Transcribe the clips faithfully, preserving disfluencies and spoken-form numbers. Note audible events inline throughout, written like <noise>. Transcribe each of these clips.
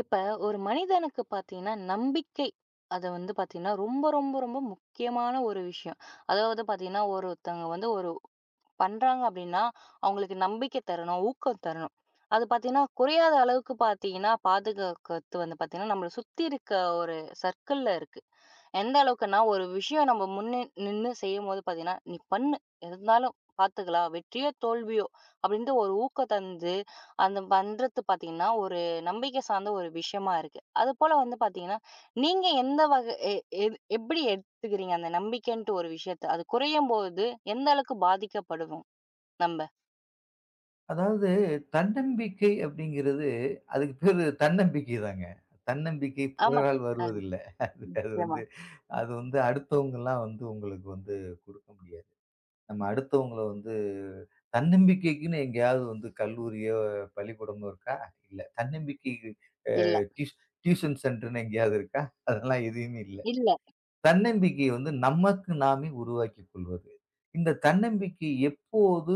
இப்போ ஒரு மனிதனுக்குப் பாத்தீங்கன்னா, நம்பிக்கை அத வந்து பாத்தீங்கன்னா ரொம்ப ரொம்ப ரொம்ப முக்கியமான ஒரு விஷயம். அதாவது, பாத்தீங்கன்னா ஒரொருத்தவங்க வந்து ஒரு பண்றாங்க அப்படின்னா, அவங்களுக்கு நம்பிக்கை தரணும், ஊக்கம் தரணும். அது பாத்தீங்கன்னா குறையாத அளவுக்குப் பாத்தீங்கன்னா பாதுகாக்கறது வந்து பாத்தீங்கன்னா நம்மளச் சுத்தி இருக்க ஒரு சர்க்கிள்ல இருக்கு. எந்த அளவுக்குனா, ஒரு விஷயம் நம்ம முன்ன நின்னு செய்யும்போது, பாத்தீங்கன்னா, "நீ பண்ணு. எது இருந்தாலும் பாத்துக்கலாம். வெற்றியோ? தோல்வியோ?" அப்படின்னு ஒரு ஊக்கம் தந்து, அது பண்றது பாத்தீங்கன்னா ஒரு நம்பிக்கை சார்ந்த ஒரு விஷயமா இருக்கு. அது போல வந்து பாத்தீங்கன்னா, நீங்க எந்த வகை எ எ எப்படி எடுத்துக்கிறீங்க? அந்த நம்பிக்கைன்ற ஒரு விஷயத்தை அது குறையும்போது எந்த அளவுக்குப் பாதிக்கப்படுவோம் நம்ப? அதாவது, தன்னம்பிக்கை அப்படிங்கறது, அதுக்குப் பேரு தன்னம்பிக்கைதாங்க. தன்னம்பிக்கை ஆமா, பிறரால் அ, ம், வருவதில்ல. அது வந்து, சொல்லுங்க. அது வந்து அடுத்தவங்க எல்லாம் வந்து உங்களுக்கு வந்து கொடுக்க முடியாது. நம்ம அடுத்தவங்களை வந்து தன்னம்பிக்கைக்குன்னு எங்காவது வந்து கல்லூரியோ, பள்ளிக்கூடமோ இருக்கா? இல்ல. தன்னம்பிக்கைக்கு அ இல்ல. டியூஷன் டியூஷன் சென்டர்ன்னு எங்காவது இருக்கா? அதெல்லாம் எதையுமே இல்ல. இல்ல. தன்னம்பிக்கை வந்து நமக்கு நாமே உருவாக்கிக்கொள்வது. இந்தத் தன்னம்பிக்கை எப்போது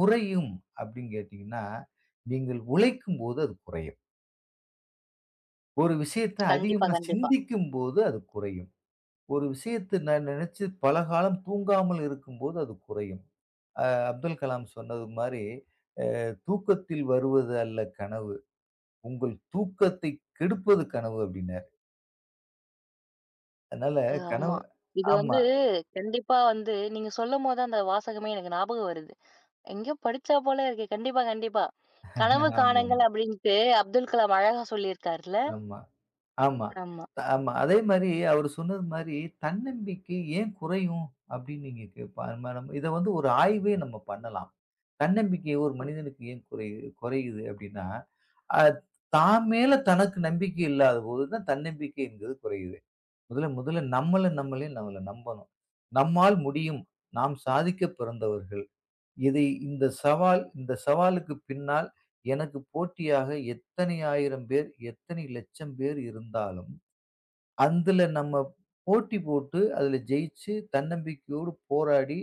குறையும் அப்படின்னு கேட்டீங்கன்னா, நீங்க உழைக்கும்போது அது குறையும். ஒரு விஷயத்த கண்டிப்பா, அதிகமா கண்டிப்பா. சிந்திக்கும்போது அது குறையும். ஒரு விஷயத்த நான் நினைச்சு பல காலம் தூங்காமல் இருக்கும்போது, அது குறையும். அ, அப்துல் கலாம் சொன்னது மாதிரி, அ, "தூக்கத்தில் வருவது அல்ல கனவு. உங்கள் தூக்கத்தை கெடுப்பது கனவு" அப்படின்னாரு. அதனால கனவு ஆமா. இது வந்து ஆமா. கண்டிப்பா வந்து நீங்க சொல்லும்போது, அந்த வாசகமே எனக்கு ஞாபகம் வருது. எங்கியோ படிச்சா போல இருக்கு. கண்டிப்பா, கண்டிப்பா. "கனவு ஆமாம். காணுங்கள்" அப்படின்னுட்டு அப்துல் கலாம் அழகா சொல்லியிருக்கார்ல. ஆமா ஆமா ஆமா. ஆமா. அதே மாதிரி அவர் சொன்னது மாதிரி தன்னம்பிக்கை ஏன் குறையும் அப்படின்னு நீங்க கேட்ப <unintelligible> இத வந்து ஒரு ஆய்வே நம்ம பண்ணலாம். தன்னம்பிக்கை ஒரு மனிதனுக்கு ஏன் குறையு குறையுது அப்படின்னா, அது தான் மேல தனக்கு நம்பிக்கை இல்லாதபோதுதான் தன்னம்பிக்கை என்பது குறையுது. முதல்ல முதல்ல நம்மள நம்மளே நம்மள நம்பணும். நம்மால் முடியும். நாம் சாதிக்கப் பிறந்தவர்கள். இதை இந்தச் சவால், இந்தச் சவாலுக்குப் பின்னால் எனக்குப் போட்டியாக எத்தனை ஆயிரம் பேர், எத்தனை லட்சம் பேர் இருந்தாலும் அந்துல நம்ம போட்டி போட்டு அதுல ஜெயிச்சு தன்னம்பிக்கையோடு போராடி,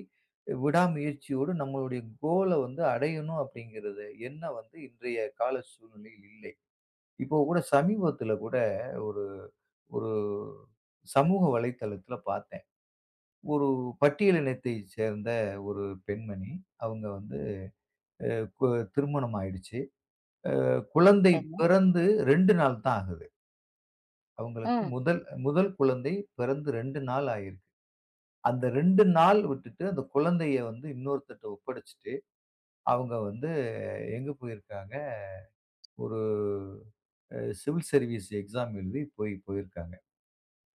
விடாமுயற்சியோடு நம்மளுடைய கோல்ல வந்து அடையணும் அப்படிங்கறது என்ன வந்து இன்றைய கால சூழ்நிலையில் இல்லை. இப்ப கூட சமீபத்துல கூட, ஒரு ஒரு சமூக வலைத்தளத்துல பார்த்தேன். ஒரு பட்டியலினத்தைச் சேர்ந்த ஒரு பெண்மணி. அவங்க வந்து அ கு திருமணம் ஆயிடுச்சு. அ குழந்தை தன்ன பிறந்து ரெண்டு நாள் தான் ஆகுது. அவங்களுக்கு ம். முதல் முதல் குழந்தை பிறந்து ரெண்டு நாள் ஆயிருக்கு. அந்த ரெண்டு நாள் விட்டுட்டு, அந்தக் குழந்தையை வந்து இன்னொருத்தர்ட்ட ஒப்படைச்சிட்டு, அவங்க வந்து எங்க போயிருக்காங்க? ஒரு அ சிவில் சர்வீஸ் எக்ஸாம் எழுதப் போய் போயிருக்காங்க.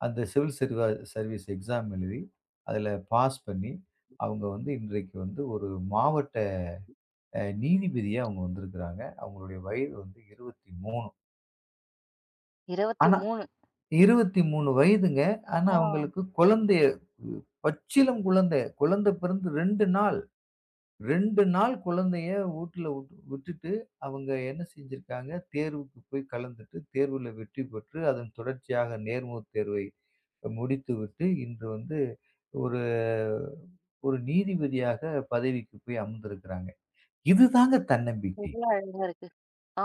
அந்த சிவில் சர் சர்வீஸ் எக்ஸாம் எழுதி, அதுல பாஸ் பண்ணி, அவங்க வந்து இன்றைக்கு வந்து ஒரு மாவட்ட அ நீதிபதியா அவங்க வந்திருக்காங்க. அவங்களுடைய வயது வந்து இருவத்தி மூணு. இருவத்தி ஆனா மூணு. இருவத்தி மூணு வயதுங்க. ஆனா ஆ. அவங்களுக்கு குழந்தைய பச்சிளம் குழந்தை. குழந்தை பிறந்து ரெண்டு நாள். ரெண்டு நாள் குழந்தைய ஊட்ல உட் விட்டுட்டு அவங்க என்ன செஞ்சிருக்காங்க? தேர்வுக்குப் போய் கலந்துட்டு, தேர்வுல வெற்றி பெற்று, அதன் தொடர்ச்சியாக நேர்முகத் தேர்வை முடித்துவிட்டு, இன்று வந்து ஒரு ஒரு நீதிபதியாகப் பதவிக்கு போய் அமர்ந்திருக்கறாங்க. இதுதாங்க தன்னம்பிக்கை. எவ்ளோ அழகா இருக்கு.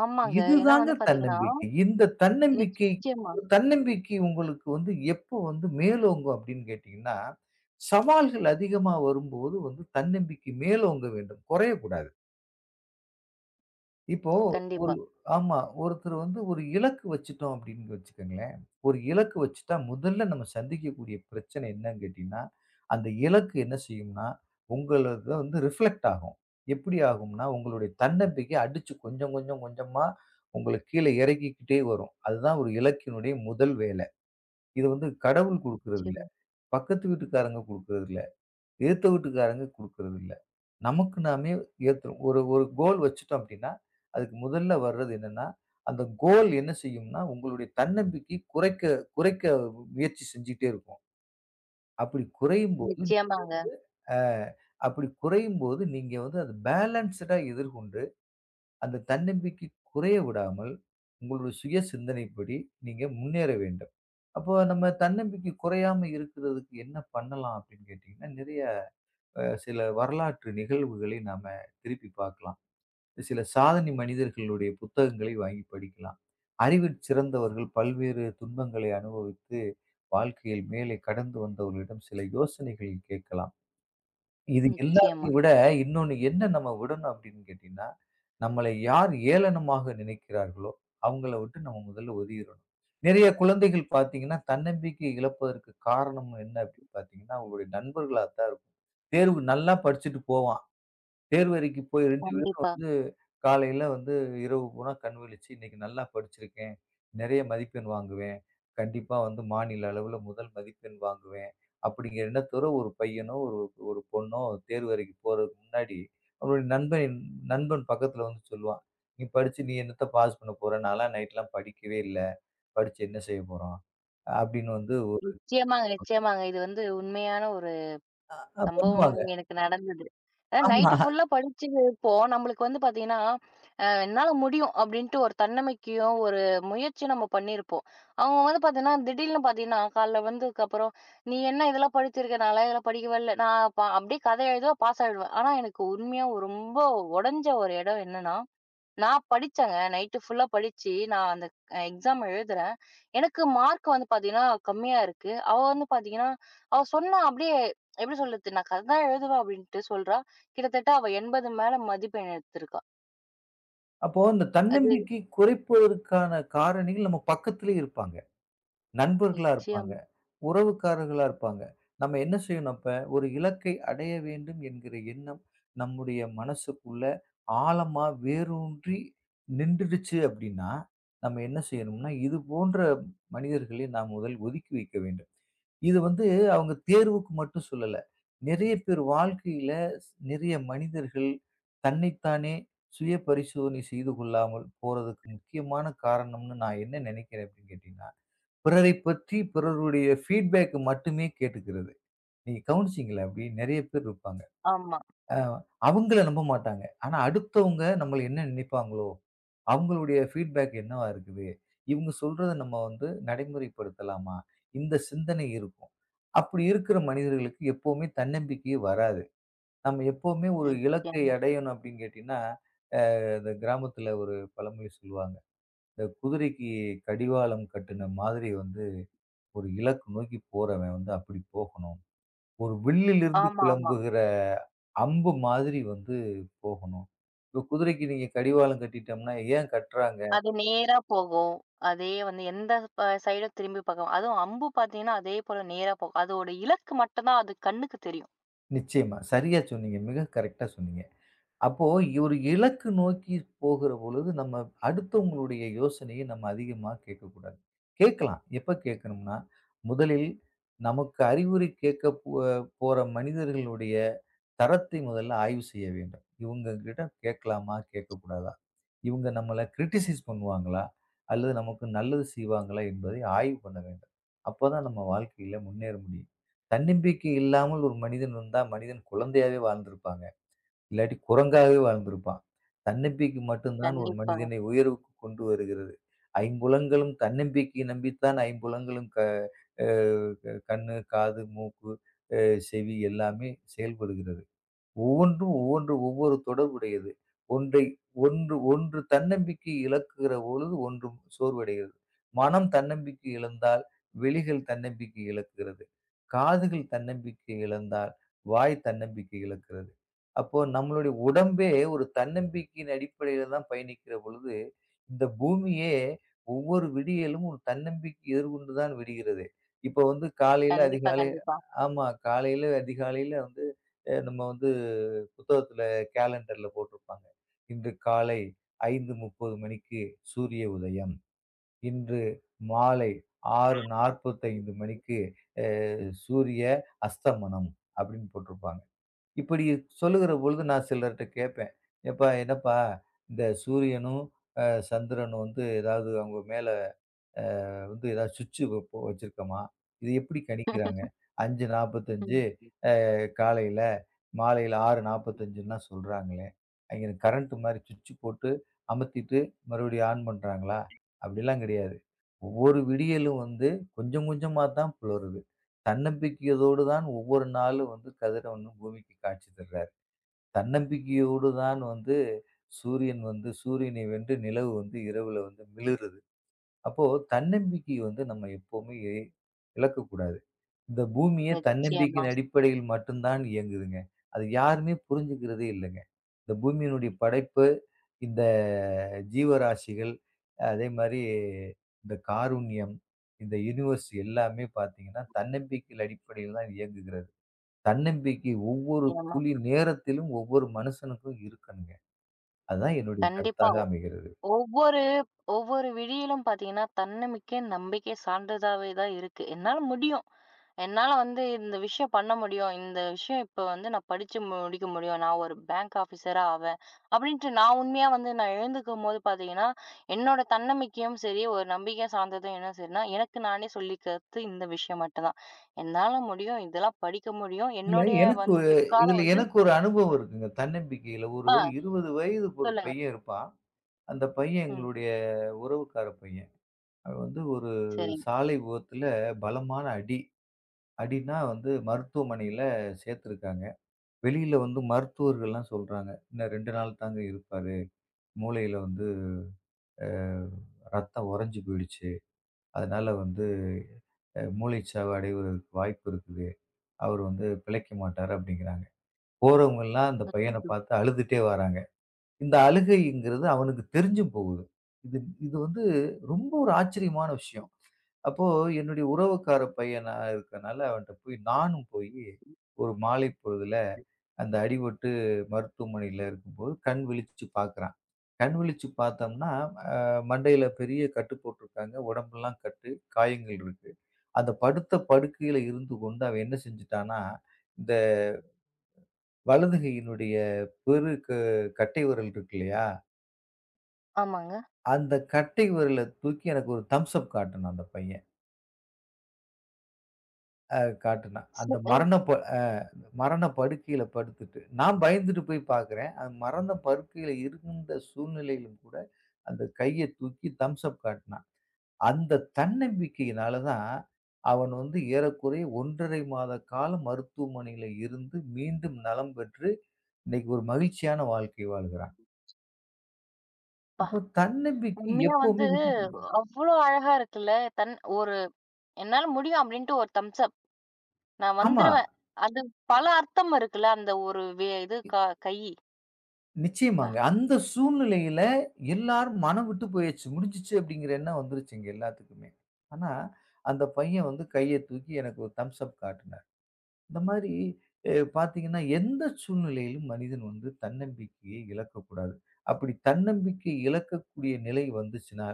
ஆமாங்க. ஏன்னா இதுதாங்க வந்து பாத்தீங்கன்னா தன்னம்பிக்கை. இந்தத் தன்னம்பிக்கை நிச்சயமா. தன்னம்பிக்கை உங்களுக்கு வந்து எப்போ வந்து மேலோங்கும் அப்படின்னு கேட்டீங்கன்னா, சவால்கள் அதிகமா வரும்போது வந்து தன்னம்பிக்கை மேலோங்க வேண்டும். குறையக் கூடாது. இப்போ ஒரு கண்டிப்பா. ஆமா, ஒருத்தரு வந்து, ஒரு இலக்கு வச்சுட்டோம் அப்படின்னு வச்சுக்கங்களேன். ஒரு இலக்கு வச்சுட்டா முதல்ல நாம சந்திக்கக்கூடிய பிரச்சனை என்னான்னு கேட்டீங்கன்னா, அந்த இலக்கு என்ன செய்யும்னா உங்களது தா வந்து ரிஃப்ளக்ட் ஆகும். எப்படி ஆகும்னா? உங்களுடைய தன்னம்பிக்கை அடிச்சு கொஞ்சம் கொஞ்சம் கொஞ்சமா, உங்களைக் கீழே இறக்கிக்கிட்டே வரும். அதுதான் ஒரு இலக்கினுடைய முதல் வேலை. இது வந்து கடவுள் கொடுக்கறது இல்ல, நிச்சயமா. பக்கத்து வீட்டுக்காரங்க கொடுக்கறது இல்ல, எதிர்த்த வீட்டுக்காரங்க கொடுக்கறது இல்ல. நமக்கு நாமே ஏத்துறோம். ஒரு ஒரு கோல் வச்சுட்டோம் அப்படின்னா, அதுக்கு முதல்ல வர்றது என்னான்னா? அந்த கோல் என்ன செய்யும்னா, உங்களுடைய தன்னம்பிக்கை குறைக்க குறைக்க ம் முயற்சி செஞ்சிட்டே இருக்கும். அப்படி குறையும்போது, நீங்க வந்து நிச்சயமாங்க. அ, அப்படி குறையும்போது நீங்க வந்து அத பேலன்சுடா எதிர்கொண்டு, அந்தத் தன்னம்பிக்கை குறைய விடாமல், உங்களோட சுயசிந்தனைப்படி, நீங்க முன்னேற வேண்டும். "அப்போ நம்ம தன்னம்பிக்கை குறையாம இருக்குறதுக்கு என்ன பண்ணலாம்?" அப்படின்னு கேட்டீங்கன்னா, நிறையா அ, சில வரலாற்று நிகழ்வுகளை நாம திருப்பிப் பாக்கலாம். சில சாதனை மனிதர்களுடைய புத்தகங்களை வாங்கிப் படிக்கலாம். அறிவிற் சிறந்தவர்கள், பல்வேறு துன்பங்களை அனுபவித்து, வாழ்க்கையில் மேலே கடந்து வந்தவர்களிடம் சில யோசனைகள் கேக்கலாம். இது நிச்சயமா. எல்லாத்தையும் விட, இன்னொன்னு என்ன நம்ம விடணும் அப்படின்னு கேட்டீங்கன்னா, நம்மளை யார் ஏளனமாக நினைக்கிறார்களோ! அவுங்களை விட்டு நம்ம முதல்ல ஒதிரணும். நிறையா குழந்தைகள் பாத்தீங்கன்னா, தன்னம்பிக்கை இழப்பதற்குக் காரணம் என்னா? அப்படின்னு பாத்தீங்கன்னா, அவுங்களோட நண்பர்களாத்தான் இருக்கும். தேர்வு நல்லா படிச்சிட்டு போவான். தேர்வறைக்குப் போய் ரெண்டு பேரும் கண்டிப்பா. வந்து, காலையில வந்து இரவு பூராம் கண் விழிச்சு, இன்னைக்கு நல்லா படிச்சிருக்கேன், நிறையா மதிப்பெண் வாங்குவேன், கண்டிப்பா வந்து மாநில அளவுல முதல் மதிப்பெண் வாங்குவேன், அப்படிங்கற எண்ணத்தோர ஒரு பையனோ, ஒரு ஒரு பொண்ணோ, அந்தத் தேர்வு எழுதிப் போறதுக்கு முன்னாடி, அவனோட நண்பன் நண்பன் பக்கத்துல வந்து சொல்லுவான். "நீ படிச்சு, நீ என்னாத்த பாஸ் பண்ணப் போற? நான்ல்லாம் நைட்ல்லாம் படிக்கவே இல்ல. படிச்சு என்ன செய்யப்போறோம்?" அப்படின்னு வந்து ஒரு நிச்சயமாங்க <unintelligible> நிச்சயமாங்க, இது வந்து உண்மையான ஒரு ஆ அ பண்ணுவாங்க. சம்பவமும் எனக்கு நடந்தது. அ, ஆமா. நைட்டு ஃபுல்லா படிச்சி இருப்போம். நம்பளுக்கு வந்து பாத்தீங்கன்னா, "அ, என்னால முடியும்!" அப்படின்னுட்டு, ஒரு தன்னம்பிக்கையும் ஒரு முயற்சியும் நம்ம பண்ணியிருப்போம். அவுங்க வந்து பாத்தீங்கன்னா திடீல்ன்னு பாத்தீங்கன்னா, காலையில வந்ததுக்கு அப்புறம், "நீ என்ன இதெல்லாம் படிச்சிருக்க! நான்லாம் இதெல்லாம் படிக்கவேல்ல. நான் ப அப்படியே கதை எழுதுவேன். பாஸ் ஆயிடுவேன்." ஆனா எனக்கு உண்மையா, ரொம்ப ஒடைஞ்ச ஒரு இடம் என்னான்னா, நான் படிச்சேன், நைட்டு ஃபுல்லா படிச்சு, நான் அந்த எக்ஸாம் எழுதுறேன். எனக்கு மார்க்கு வந்து பாத்தீங்கன்னா, கம்மியா இருக்கு. அவ வந்து பாத்தீங்கன்னா அவ சொன்னா அப்படியே எப்படி சொல்றது? நான் கதைதான் எழுதுவேன் அப்படின்னுட்டு சொல்றா. கிட்டத்தட்ட அவ என்பது மேல மதிப்பெண் எடுத்துருக்கா. அப்போ, அந்தத் அது தன்னம்பிக்கையைக் குறைப்பதற்கான காரணிகள் நம்ம பக்கத்திலே இருப்பாங்க. நண்பர்களா இருப்பாங்க, நிச்சயம். உறவுக்காரர்களா இருப்பாங்க. நம்ம என்ன செய்யணும், அப்ப ஒரு இலக்கை அடைய வேண்டும் என்கிற எண்ணம் நம்முடைய மனசுக்குள்ள ஆழமா வேரூன்றி நின்றுடுச்சி அப்படின்னா, நம்ம என்ன செய்யணும்னா இது போன்ற மனிதர்களை நாம் முதலில் ஒதுக்கி வைக்க வேண்டும். இது வந்து அவங்க தேர்வுக்கு மட்டும் சொல்லல. நிறைய பேர் வாழ்க்கையிலே, ஸ் நிறைய மனிதர்கள் தன்னைத்தானே சுய பரிசோதனை செய்து கொள்ளாமல் போறதுக்கு முக்கியமான காரணம்ன்னு நான் என்ன நினைக்கிறேன் அப்படின்னு கேட்டீங்கன்னா, பிறரைப் பற்றி பிறருடைய பீட்பேக் மட்டுமே கேட்டுக்கிறது. நீங்கள் கவனிச்சீங்களா? அப்படி நிறைய பேர் இருப்பாங்க. ஆமா. ஆ. அவங்கள நம்ப மாட்டாங்க. ஆனா அடுத்தவங்க நம்மள என்ன நினைப்பாங்களோ, அவங்களுடைய பீட்பேக் என்னவா இருக்கிது, இவங்க சொல்றத நம்ம வந்து நடைமுறைப்படுத்தலாமா? இந்தச் சிந்தனை இருக்கும். அப்படி இருக்கிற மனிதர்களுக்கு எப்போமே தன்னம்பிக்கையே வராது. நம்ம எப்போமே ஒரு இலக்கை நிச்சயமா. அடையணும் அப்படின்னு கேட்டீங்கன்னா, அ இந்தச் கிராமத்தில ஒரு பழமொழி சொல்லுவாங்க. இந்த குதிரைக்குக் கடிவாளம் கட்டுன மாதிரி வந்து ஒரு இலக்க நோக்கிப் போறவன் வந்து அப்படிப் போகணும். ஒரு வில்லிலிருந்து ஆமா, ஆமா. கிளம்புகிற அம்பு மாதிரி வந்து போகணும். இப்ப குதிரைக்கு நீங்க கடிவாளம் கட்டிட்டம்ன்னா ஏன் கட்றாங்க? அது நேரா போகும். அதே வந்து எந்த ப சைடு திரும்பிப் பாக்கும். அதுவும் அம்பு பாத்தீங்கன்னா, அதே போல நேராப் போகும். அதோடு இலக்கு மட்டும்தான் அது கண்ணுக்குத் தெரியும் நிச்சயமா. சரியா சொன்னீங்க. மிகக் கரெக்டா சொன்னீங்க. அப்போ ஒரு இலக்கு நோக்கிப் போகிறபொழுது நம்ம அடுத்தவங்களுடைய யோசனையை நம்ம அதிகமா கேட்கக் கூடாது. கேட்கலாம். எப்ப கேட்கணும்னா முதலில் நமக்கு அறிவுரை கேட்கப் போ போற மனிதர்களுடைய தரத்தை முதல்ல ஆய்வு செய்ய வேண்டும். இவங்ககிட்ட கேட்கலாமா, கேட்கக்கூடாதா, இவங்க நம்மள க்ரிடிசைஸ் பண்ணுவாங்களா? அல்லது நமக்கு நல்லது செய்வாங்களா? என்பதை ஆய்வு பண்ண வேண்டும். அப்பதான் நம்ம வாழ்க்கையில முன்னேற முடியும். தன்னம்பிக்கை இல்லாமல் ஒரு மனிதன் இருந்தா மனிதன் குழந்தையாவே வாழ்ந்து இருப்பாங்க. இல்லாட்டி குரங்காவே வாழ்ந்து இருப்பான். தன்னம்பிக்கை மட்டும்தான் ஒரு கண்டிப்பாக. மனிதனை உயர்வுக்கு கொண்டு வருகிறது. ஐம்புலன்களும் தன்னம்பிக்கை நம்பித்தான் ஐம்புலன்களும் க அ கண்ணு, காது, மூக்கு, அ செவி எல்லாமே செயல்படுகிறது. ஒவ்வொன்றும் ஒவ்வொன்று ஒவ்வொரு தொடர்பு உடையது. ஒன்றை ஒன்று ஒன்று. தன்னம்பிக்கை இழக்கிற பொழுது ஒன்றும் சோர்வடைகிறது. மனம் தன்னம்பிக்கை இழந்தால் விழிகள் தன்னம்பிக்கை இழக்கிறது. காதுகள் தன்னம்பிக்கை இழந்தால் வாய் தன்னம்பிக்கை இழக்கிறது. அப்போ நம்முடைய உடம்பே ஒரு தன்னம்பிக்கையின் அடிப்படையில் தான் பயணிக்கிற பொழுது, இந்த பூமியே ஒவ்வொரு விடியலும் ஒரு தன்னம்பிக்கை எதிர்கொண்டு தான் விடுகிறதே. இப்ப வந்து காலையில கண்டிப்பா, அதிகாலை கண்டிப்பா. ஆமா காலையில அதிகாலையில வந்து அ, நம்ம வந்து புத்தகத்துல கேலண்டர்ல போட்டு இருப்பாங்க. இன்று காலை ஐந்து முப்பது மணிக்கு சூரிய உதயம். இன்று மாலை ஆறு நாற்பத்தைந்து மணிக்கு அ சூரிய அஸ்தமனம் அப்படின்னு போட்டு இருப்பாங்க. இப்படி சொல்லுகிற பொழுது நான் சிலர்ட்ட கேப்பேன். எப்பா என்னப்பா இந்தச் சூரியனும் அ சந்திரனும் வந்து ஏதாவது அவங்க மேல, அ, வந்து, ஏதாவது சுவிட்ச் வப்ப வச்சிருக்கமா? இதை எப்படி கணிக்கிறாங்க? <laughs> அஞ்சு நாற்பத்தஞ்சு ம். அ காலையில மாலையில ஆறு நாற்பத்தஞ்சுன்னு சொல்றாங்களே. அங்க கரென்ட் மாதிரி சுவிட்ச் போட்டு அமத்திட்டு மறுபடியும் ஆன் பண்றாங்களா? அப்படியெல்லாம் கிடையாது. ஒவ்வொரு விடியலும் வந்து கொஞ்சம் கொஞ்சமாத்தான் புலருது. தன்னம்பிக்கையோடு தான் ஒவ்வொரு நாளும் வந்து கதிரவனும் பூமிக்கு காட்சி தர்றாரு. தன்னம்பிக்கையோடு தான் வந்து சூரியன் வந்து சூரியனை வென்று நிலவு வந்து இரவுல வந்து மிளிருது. அப்போ தன்னம்பிக்கை வந்து நம்ம எப்பவுமே இழக்கக் கூடாது. இந்த பூமியே நிச்சயமா. தன்னம்பிக்கையின் அடிப்படையில் மட்டும்தான் இயங்குதுங்க. அது யாருமே புரிஞ்சிக்கிறதே இல்லைங்க. இந்த பூமியின் படைப்பு, இந்த ஜீவராசிகள் அதே மாரி இந்தக் காருண்யம், இந்த யுனிவர்ஸ் எல்லாமே பாத்தீங்கன்னா தன்னம்பிக்கையில் அடிப்படையில்தான் இயங்குகிறது. தன்னம்பிக்கை ஒவ்வொரு நிச்சயமா. துளி நேரத்திலும் ஒவ்வொரு மனுசனுக்கும் இருக்கணுங்க. அதுதான் என்னுடைய கண்டிப்பா. கருத்தாக ஒவ் அமைகிறது. ஒவ்வொரு ஒவ்வொரு விடியிலும் பார்த்தீங்கன்னா தன்னமிக்கை, நம்பிக்கை சார்ந்ததாவே தான் இருக்கு. என்னால முடியும். என்னால வந்து இந்த விஷயம் பண்ண முடியும். இந்த விஷயம் இப்ப வந்து நான் படிச்சு முடிக்க முடியும். நான் ஒரு பேங்க் ஆஃபீசரா ஆவேன், அப்படின்னுட்டு நான் உண்மையா வந்து நான் எழுந்துக்கும்போது பார்த்தீங்கன்னா என்னோட தன்னமிக்கையும் சரி, ஒரு நம்பிக்கை சார்ந்ததும் என்ன சரின்னா எனக்கு நானே சொல்லிக்கிறது இந்த விஷயம் மட்டும்தான். என்னால முடியும். இதெல்லாம் படிக்க முடியும். இல்ல என்னோடய எனக்கு வந்து பிற்காலம் இதுல வந்து எனக்கு ஒரு அனுபவம் இருக்குங்க. தன்னம்பிக்கையில ஒரு ஆ, இருபது வயது ஒரு சொல்லுங்க. பையன் இருப்பான். அந்தப் பையன் ம். எங்களுடைய உறவுக்கார பையன். அவன் வந்து ஒரு சரிங்க. சாலை விபத்துல பலமான அடி. அடினா வந்து மருத்துவமனையில சேர்த்துருக்காங்க. வெளியில வந்து மருத்துவர்கள் எல்லாம் சொல்றாங்க. இன்னும் ரெண்டு நாள் தாங்க இருப்பாரு. மூளைல வந்து, அ, ரத்தம் உறைஞ்சு போயிடுச்சு. அதனால வந்து, அ, மூளைச் சாவடைய வாய்ப்பு இருக்குது. அவர் வந்து பிழைக்கமாட்டாரு அப்படிங்கிறாங்க. போறவங்க எல்லாம் அந்தப் பையனைப் அச்சச்சோ! பாத்து அழுதுட்டே வராங்க. இந்த அழுகைங்கிறது அவனுக்குத் தெரிஞ்சும் போகுது. இது இது வந்து ரொம்ப ஒரு ஆச்சரியமான விஷயம். அப்போ என்னுடைய உறவுக்கார பையனா இருக்கறனால அவன்ட்ட போய் நானும் போய் ஒரு மாலைப் பொழுதுல அந்த அடிபட்டு மருத்துவமனையில இருக்கும்போது கண் விழிச்சு பாக்குறான். கண் விழிச்சு பாத்தோம்னா, அ, மண்டையில பெரிய கட்டு போட்டுருக்காங்க. உடம்பெல்லாம் கட்டு காயங்கள் இருக்கு. அந்தப் படுத்த படுக்கையில இருந்து கொண்டு அவன் என்ன செஞ்சுட்டானா, இந்த வலது கையினுடைய பெருக் க கட்டை விரல் இருக்குல்லையா? ஆமாங்க. அந்த கட்டை விரல தூக்கி, எனக்கு ஒரு தம்ஸ் அப் காட்டினான் அந்த பையன். ஆ, காட்டினான். அந்த <unintelligible> மரண ப மரண படுக்கையில படுத்துட்டு, நான் பயந்துட்டு போய் பாக்குறேன். அந்த மரண படுக்கையில இருந்த சூழ்நிலையிலும் கூட, அந்த கையத் தூக்கி தம்ஸ் அப் காட்டினான். அந்த தன்னம்பிக்கையினால தான். அவன் வந்து ஏறக்குறைய ஒன்றரை மாத காலம் மருத்துவமனையில இருந்து. மீண்டும் நலம் பெற்று, இன்னைக்கு ஒரு மகிழ்ச்சியான வாழ்க்கை வாழ்கிறான். பா. அப்போ, தன்னம்பிக்கை உண்மையா எப்பவுமே வந்து விட்டு அவ்ளோ அழகா! இருக்குல்ல. தன் ஒரு என்னால முடியும் அப்படின்னுட்டு ஒரு தம்ஸ் அப். நான் ஆமா. வந்துருவேன். அது பல அர்த்தம் இருக்குல்ல. அந்த ஒரு வே இது இ க கைய். பா. நிச்சியமாக, அந்த சூழ்நிலையில எல்லாரும் மனம்விட்டு போயச்சு. "முடிஞ்சுச்சு," அப்படிங்கிற என்னோ வந்துருச்சு, எங்க எல்லாத்துக்குமே. ஆனா, அந்த பையன் வந்து கையை தூக்கி, எனக்கு ஒரு தம்ஸ் அப் காட்டினான். இந்த மாரி எ பாத்தீங்கன்னா, எந்த சூழ்நிலையிலும் மனிதன் வந்து தன்னம்பிக்கையை இழக்கக் கூடாது. அப்படி தன்னம்பிக்கை இழக்கக்கூடிய நிலை வந்துச்சுன்னா,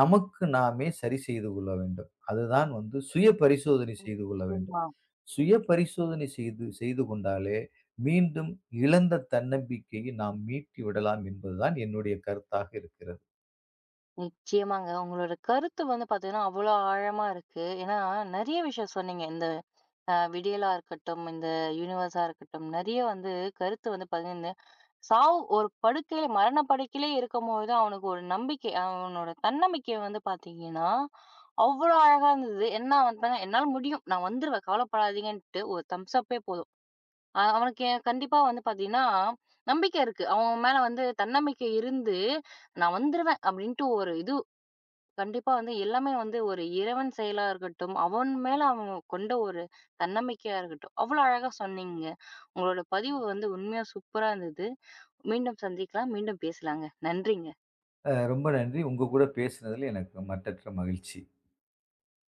நமக்கு நாமே சரி செய்து கொள்ள வேண்டும். அதுதான் வந்து சுய பரிசோதனை செய்து கொள்ள வேண்டும். நிச்சயமா. சுய பரிசோதனை செய்து செய்து கொண்டாலே, மீண்டும் இழந்த தன்னம்பிக்கையை நாம் மீட்டி விடலாம். என்பதுதான் என்னுடைய கருத்தாக இருக்கிறது. நிச்சயமாங்க. உங்களோட கருத்து வந்து பாத்தீங்கன்னா, அவ்ளோ ஆழமா இருக்கு. ஏன்னா நெறைய விஷயம் சொன்னீங்க. இந்த ஆ, விடியலா இருக்கட்டும் இந்த யுனிவர்ஸா இருக்கட்டும். நெறைய வந்து கருத்து வந்து பகிர்ந்து. சாவு, ஒரு படுக்கையில மரணப்படுக்கையில இருக்கும்போது, அவனுக்கு ஒரு நம்பிக்கை. அவனோட தன்னமிக்கை வந்து பாத்தீங்கன்னா, அவ்ளோ அழகா இருந்தது. என்ன அவன்தா என்னால முடியும். நான் வந்துருவேன். கவலைப்படாதீங்கன்ட்டு ஒரு தம்ஸ் அப்பெ போதும். அவனுக்குக் கண்டிப்பா வந்து பாத்தீங்கன்னா, நம்பிக்கை இருக்கு. அவன் மேல வந்து தன்னமிக்கை இருந்து, "நான் வந்துருவேன்," அப்படின்னுட்டு ஒரு இது கண்டிப்பா வந்து, எல்லாமே வந்து ஒரு இறைவன் செயலா இருக்கட்டும். அவன் மேல அவன் கொண்ட ஒரு தன்னமைக்கையா இருக்கட்டும். அவ்ளோ அழகா சொன்னீங்க. உங்களோட பதிவு வந்து உண்மையா சூப்பரா இருந்தது. மீண்டும் சந்திக்கலாம். மீண்டும் பேசலாங்க. நன்றிங்க. ஆ, ரொம்ப நன்றி. உங்க கூடப் பேசுனதுல எனக்கு ரொம்ப மட்டற்ற மகிழ்ச்சி.